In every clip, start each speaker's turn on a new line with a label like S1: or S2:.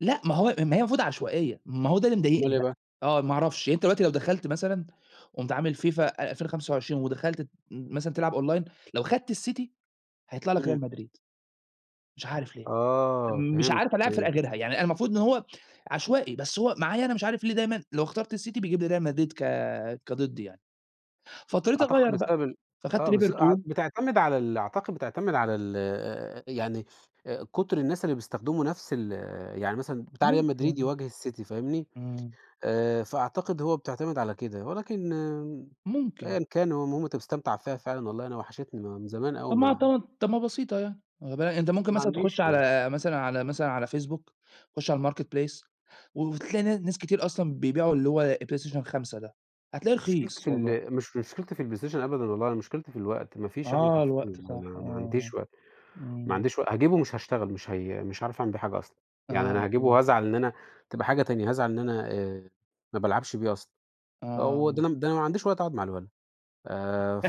S1: لأ، ما هو ما هي المفروض عشوائية، ما هو ده اللي
S2: أمال
S1: مضايقني
S2: إيه
S1: بقى.
S2: بقى؟
S1: آه، ما أعرفش. يعني أنت دلوقتي لو دخلت مثلًا قُمت عامل FIFA 2025 ودخلت ت مثلًا تلعب online، لو خدت الCity، هيطلَع لك
S2: إمم.
S1: Real Madrid. مش عارف ليه.
S2: آه
S1: مش
S2: فهمتك،
S1: عارف ألاعب فرقة
S2: فهمت.
S1: غيرها، يعني أنا المفروض إن هو عشوائي، بس هو معايا أنا مش عارف ليه دايمًا لو اخترت الCity بيجيب لي Real Madrid ك كضدي يعني. فاضطريت
S2: أعتقد
S1: أغيَّر بقى،
S2: بسبب ال
S1: فخدت
S2: آه، بس أع
S1: Liverpool.
S2: بتعتمد على ال أعتقد بتعتمد على ال آآ يعني آآ كُتر الناس اللي بيستخدموا نَفْس ال يعني مثلًا بتاع Real Madrid
S1: ممكن.
S2: يواجه الCity فاهمني،
S1: إمم.
S2: آآ فأعتقد هو بتعتمد على كده ولكن
S1: ممكن.
S2: أيًا كان هو المهم أنت مستمتع فيها فعلًا، والله أنا وحشتني، ما من زمان أوي
S1: طَب ما،
S2: ما
S1: [unintelligible] طَب ما بسيطة يعني، آآ با أنت ممكن
S2: ما
S1: مثلًا تخُش
S2: عنديش.
S1: على مثلًا على مثلًا على Facebook، خُش على الMarketplace و وتلاقي نا ناس كتير أصلًا بيبيعوا اللي هو PlayStation 5 ده، هتلاقيه
S2: مشكلتي
S1: رخيص
S2: في
S1: والله.
S2: ال مش مشكلتي في الPlayStation أبدًا والله، أنا مشكلتي في الوقت، ما فيش [unintelligible]
S1: آه
S2: حرفيًا،
S1: الوقت
S2: ما
S1: صح،
S2: ما ما
S1: آه.
S2: عنديش وقت، ما
S1: إمم.
S2: عنديش وق هاجيبه ومش هاشتغل، مش هي مش هاعرف أعمل بيه حاجة أصلًا. يعني أنا
S1: آه، ف
S2: هاجيبه وهازعل إن أنا تبقى حاجة تانية، هازعل إن أنا آآ ما بالعبش بيه أصلًا، و
S1: آه.
S2: ده أنا ده أنا ما عنديش وقت أقعُد مع الولد، ف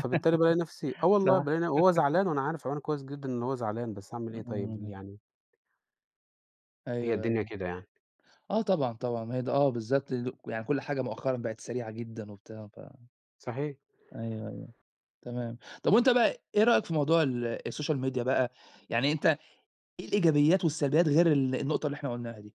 S2: فبالتالي بالاقي نَفْسي آه والله،
S1: صح.
S2: بالاقي ن وهو زعلان وأنا عارف عيونه كويس جدًا إن هو زعلان، بس هاعمل إيه طيب
S1: إمم.
S2: يعني. هي
S1: أيوه،
S2: الدنيا
S1: أيوه.
S2: كده يعني.
S1: آه طبعًا، طبعًا ما هي ده، آه بالضبط، ل يعني كل حاجة مؤخرًا بقت سريعة جدًا وبتاع، ف
S2: صحيح.
S1: أيوه، أيوه. تمام. طَب وأنت بقى إيه رأيك في موضوع ال الSocial Media بقى؟ يعني أنت إيه الإيجابيات والسلبيات غير ال النقطة اللي إحنا قُلناها دي؟